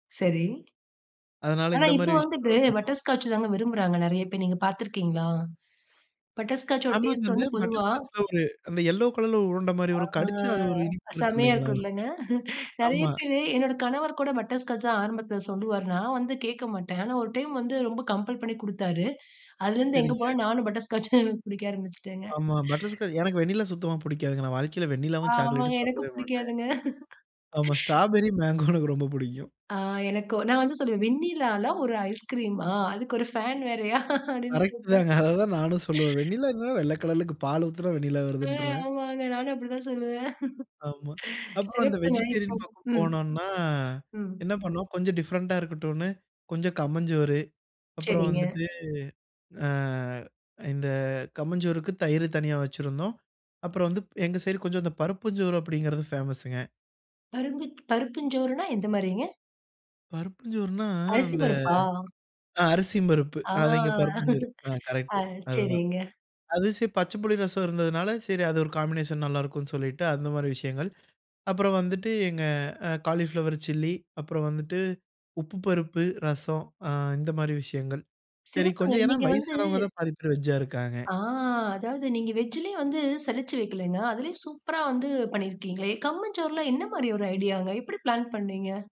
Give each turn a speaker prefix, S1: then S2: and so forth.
S1: சரி.
S2: அதனால,
S1: ஆனா,
S2: இந்த
S1: இப்ப
S2: மாரி
S1: வந்துட்டு
S2: விஷயங்களா பண்ணோம்.
S1: பட்டர்ஸ்காட்ச் தாங்க விரும்புறாங்க, நெறைய பேர். நீங்க பார்த்து இருக்கீங்களா? பட்டர்ஸ்காட்ச்சோட
S2: ஆமாங்க.
S1: டேஸ்ட்
S2: அந்த
S1: வந்து பொதுவா
S2: பட்டர்ஸ்காட்ச்ல ஒரு அந்த எல்லோ கலர்ல ஒரு உருண்ட மாரி
S1: ஆ.
S2: வரும். கடிச்சா, அது ஒரு இனிப்பா இருக்கும்,
S1: செமையா
S2: இல்லீங்களா,
S1: இருக்கும் இல்லங்க, நெறைய
S2: ஆமா.
S1: பேரு, என்னோட கணவர் கூட பட்டர்ஸ்காட்ச் தான் ஆரம்பத்தில சொல்லுவார். நான் வந்து கேட்க மாட்டேன். ஆனா, ஒரு டைம் வந்து ரொம்ப கம்பல் பண்ணிக் குடுத்தாரு, அதுலிருந்து எங்கே
S2: சரிங்க.
S1: போனாலும் நானும் பட்டர்ஸ்காட்ச்னு புடிக்க ஆரம்பிச்சுட்டேங்க.
S2: ஆமா. பட்டர்ஸ்காட்ச் எனக்கு வெண்ணிலா சுத்தமா புடிக்காதுங்க, நான் வாழ்க்கையில வெண்ணிலாவும்,
S1: ஆமாங்க.
S2: சாக்லேட்டும்
S1: எனக்கும்
S2: சாப்பிடவே மாட்டேன்.
S1: பிடிக்காதுங்க.
S2: ஆமா. ஸ்ட்ராபெர்ரி, மேங்கோ எனக்கு ரொம்ப புடிக்கும்.
S1: ஆ எனக்கும். நான் வந்து சொல்லுவேன், வெண்ணிலால ஒரு ஐஸ்கிரீமா? அதுக்கு ஒரு ஃபேன் வேறையா? அப்டின்னு
S2: கரெக்ட்
S1: கேட்பேன்.
S2: தாங்க. அத தான் நானும் சொல்லுவேன். வெண்ணிலா என்னன்னா, வெள்ளக்கலர்லக்கு பால் ஊத்தினா, வெண்ணிலா
S1: ம்.
S2: வருதுன்றுவேன்.
S1: ஆமாங்க. நானும் அப்டிதான் சொல்லுவேன்.
S2: ஆமா. அப்புறம் இந்த
S1: சிறப்புங்க. இப்போ
S2: வெஜிடேரியன் பக்கம்
S1: ம்,
S2: போனோன்னா,
S1: ம்.
S2: என்ன பண்ணோம், கொஞ்சம் டிஃபரென்ட்டா இருக்கட்டுன்னு கொஞ்சம் கம்மஞ்சோறு, அப்புறம்
S1: சரிங்க.
S2: வந்துட்டு, ஆ இந்த கம்மஞ்சோறுக்கு தயிரு தனியா வைச்சுருந்தோம். அப்புறம் வந்து, எங்க சைடு கொஞ்சம் இந்த பருப்புஞ்சோறு அப்டிங்கிறது ஃபேமஸுங்க.
S1: பருப்பு, பருப்புஞ்சோறுனா, எந்த மாரிங்க?
S2: பருப்புஞ்சோறுனா, அந்த
S1: அரிசிம்பருப்பா?
S2: அ அரிசியும்பருப்பு,
S1: ஆ,
S2: அது இங்க பருப்புஞ்சோறு. அ கரெக்ட்டு,
S1: அது
S2: அதுதான்.
S1: சரிங்க.
S2: அதுவும் சேத்து பச்ச புள்ளி ரசம் இருந்ததுனால, சரி, அது ஒரு காம்பினேஷன் நல்லாயிருக்கும்னு சொல்லிட்டு, அந்த மாரி விஷயங்கள். அப்புறம் வந்துட்டு எங்க அ காலிஃப்ளவர் சில்லி, அப்புறம் வந்துட்டு உப்பு பருப்பு, ரசம் ஆ இந்த மாரி விஷயங்கள். சரி,
S1: சிறப்புங்க.
S2: கொஞ்சம் ஏனா,
S1: நீங்க வந்து
S2: வயசானவங்க தான் பாதி பேர் வெஜ்ஜா இருக்காங்க.
S1: ஆ. அதாவது நீங்க வெஜ்ஜிலே வந்து சலிச்சு வைக்கலைங்க. அதிலே சூப்பரா வந்து பண்ணியிருக்கீங்களே! கம்மஞ்சோறுலாம் என்ன மாரி ஒரு ஐடியாங்க! எப்டி பிளான் பண்ணீங்க?